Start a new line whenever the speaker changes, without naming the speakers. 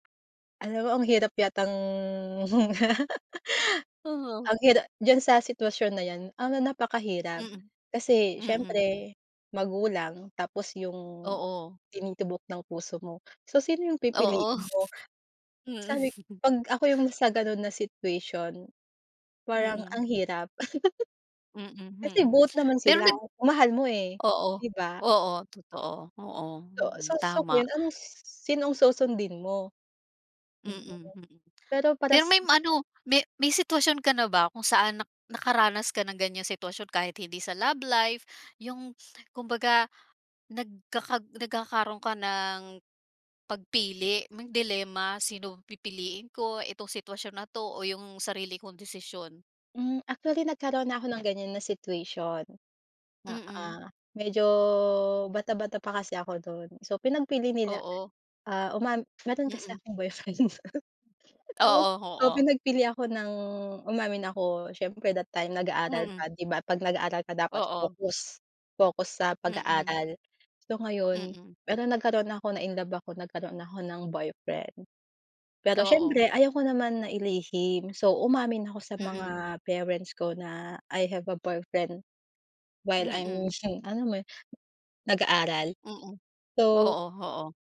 Ano mo ang hirap yatang
Oo.
Ang hira diyan sa sitwasyon na 'yan ano napakahirap,
Mm,
kasi
mm.
siyempre magulang tapos yung,
Oo.
tinitubok ng puso mo, so sino yung
Oo.
pipiliin mo?
Mm.
Sabi 'pag ako yung na sa gano'n na situation, parang
Mm.
ang hirap.
Mm,
Kasi
mhm
both naman
pero
sila
nag
mahal mo, eh,
Oo.
'di ba?
Oo totoo, oo,
So
mm, tama.
[unintelligible] anong sinong susundin mo? Mm.
Mm, mm.
Pero
Pero
paras
may ano may may sitwasyon ka na ba kung saan na nakaranas ka ng ganyan sitwasyon kahit hindi sa love life, yung kumbaga nagkakag nagkakaro'n ka ng, pagpili may dilema sino pipiliin ko itong sitwasyon na 'to o yung sarili kong desisyon?
Hmm, actually nagkaroon na ako ng ganyan na situation. Oo,
Mm.
medyo bata-bata pa kasi ako do'n, so pinagpili nila,
Oo.
ah, umam mayro'n kasi
Mm.
akong boyfriend. Tapos
Oo, oo.
pinagpili ako ng umamin ako siyempre that time nag-aaral
Mm.
pa 'di ba 'pag nag-aaral ka dapat
Oo.
focus, focus sa
Mm.
pag-aaral. So ngayon
Mm.
pero nagkaroon na ako, na-inlove ako nagkaroon ako ng boyfriend. Pero
Oo.
siyempre ayoko naman na ilihim so umamin ako sa
Mm.
mga parents ko na, "I have a boyfriend, while I'm
Mm.
alam mo 'yun nag-aaral,"
Mm, oo,
so
oo.